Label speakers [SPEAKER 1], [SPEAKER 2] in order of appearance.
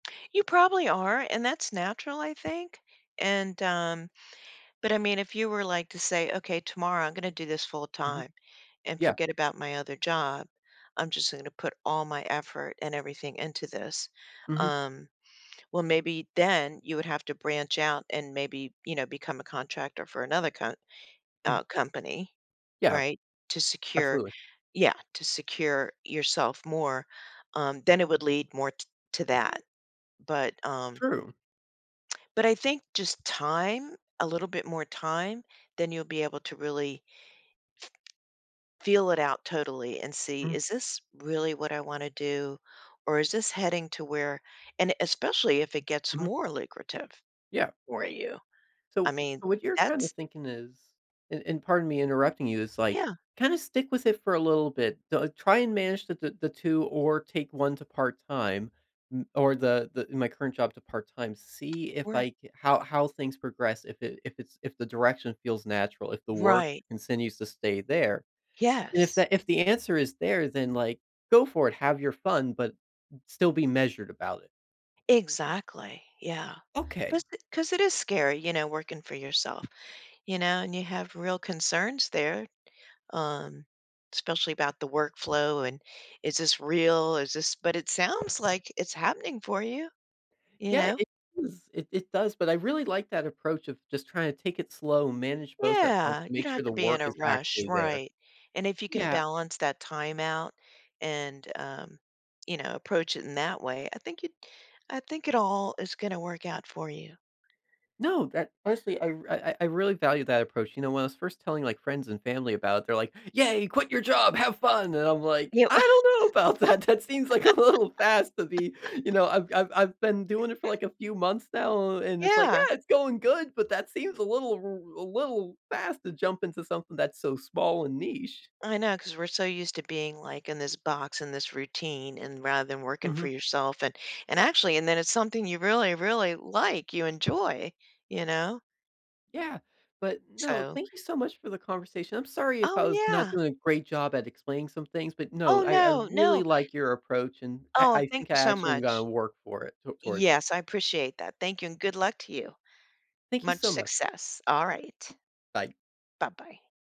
[SPEAKER 1] You probably are and that's natural I think and um, but I mean if you were like to say, "Okay, tomorrow I'm gonna do this full
[SPEAKER 2] Mhm.
[SPEAKER 1] time and
[SPEAKER 2] Yeah.
[SPEAKER 1] forget about my other job, I'm just gonna put all my effort and everything into this."
[SPEAKER 2] Mhm.
[SPEAKER 1] Um, well, maybe then you would have to branch out and maybe, you know, become a contractor for another co
[SPEAKER 2] Mhm.
[SPEAKER 1] uh, company,
[SPEAKER 2] Yeah.
[SPEAKER 1] right, to secure,
[SPEAKER 2] Absolutely.
[SPEAKER 1] yeah, to secure yourself more, um, then it would lead more t to that. But, um
[SPEAKER 2] True.
[SPEAKER 1] But I think just time, a little bit more time, then you'll be able to really f feel it out totally and see,
[SPEAKER 2] Mm.
[SPEAKER 1] is this really what I wanna do or is this heading to where, and especially if it gets
[SPEAKER 2] Mhm.
[SPEAKER 1] more lucrative
[SPEAKER 2] Yeah.
[SPEAKER 1] for you. I
[SPEAKER 2] So,
[SPEAKER 1] mean,
[SPEAKER 2] wh what you're kinda
[SPEAKER 1] that's
[SPEAKER 2] thinking is, and and pardon me interrupting you, it's like,
[SPEAKER 1] Yeah.
[SPEAKER 2] kinda stick with it for a little bit, though try and manage the the the 2 or take one to part-time n or the the, in my current job to part-time, see if
[SPEAKER 1] Right.
[SPEAKER 2] I ca how how things progress, if it if it's if the direction feels natural, if the work
[SPEAKER 1] Right.
[SPEAKER 2] continues to stay there. And if
[SPEAKER 1] Yes.
[SPEAKER 2] the if the answer is there, then like, go for it, have your fun, but still be measured about it.
[SPEAKER 1] Exactly, yeah.
[SPEAKER 2] Okay.
[SPEAKER 1] 'Cause 'cause it is scary, you know, working for yourself, you know, and you have real concerns there, um, especially about the work flow and is this real, is this but it sounds like it's happening for you, you
[SPEAKER 2] Yeah,
[SPEAKER 1] know.
[SPEAKER 2] it is, it it does, but I really like that approach of just trying to take it slow and manage both at once
[SPEAKER 1] Yeah,
[SPEAKER 2] to
[SPEAKER 1] you
[SPEAKER 2] make
[SPEAKER 1] don't
[SPEAKER 2] sure
[SPEAKER 1] have
[SPEAKER 2] the
[SPEAKER 1] to be
[SPEAKER 2] work
[SPEAKER 1] in a
[SPEAKER 2] is
[SPEAKER 1] rush,
[SPEAKER 2] actually there.
[SPEAKER 1] right. And if you can
[SPEAKER 2] Yeah.
[SPEAKER 1] balance that time out and, um, you know, approach it in that way, I think it I think it all is gonna work out for you.
[SPEAKER 2] No, that honestly, I r I I I really value that approach, you know, when I was first telling like friends and family about it, they're like, "Yeah, quit your job, have fun", and I'm like,
[SPEAKER 1] You
[SPEAKER 2] "I don't know about that." That seems like a little fast to be, you know, I've I've I've been doing it for like a few months now, and it's like,
[SPEAKER 1] Yeah.
[SPEAKER 2] "Yeah, it's going good", but that seems a little, a little r a little fast to jump into something that's so small and niche.
[SPEAKER 1] I know 'cause we're so used to being like in this box in this routine and rather than working for
[SPEAKER 2] Mhm.
[SPEAKER 1] yourself and and actually, and then it's something you really, really like, you enjoy, you know.
[SPEAKER 2] Yeah, but no,
[SPEAKER 1] So
[SPEAKER 2] thank you so much for the conversation. I'm sorry if
[SPEAKER 1] Oh,
[SPEAKER 2] I was not
[SPEAKER 1] yeah.
[SPEAKER 2] doing a great job at explaining some things, but
[SPEAKER 1] Oh,
[SPEAKER 2] no, I I
[SPEAKER 1] no,
[SPEAKER 2] really
[SPEAKER 1] no.
[SPEAKER 2] like your approach and I
[SPEAKER 1] Oh,
[SPEAKER 2] I
[SPEAKER 1] thank
[SPEAKER 2] think
[SPEAKER 1] you
[SPEAKER 2] I
[SPEAKER 1] so
[SPEAKER 2] actually am gonna
[SPEAKER 1] much.
[SPEAKER 2] work for it t towards it.
[SPEAKER 1] Yes, I appreciate that. Thank you and good luck to you.
[SPEAKER 2] Thank you
[SPEAKER 1] Much
[SPEAKER 2] so much.
[SPEAKER 1] success. All right.
[SPEAKER 2] Bye.
[SPEAKER 1] Bye-bye.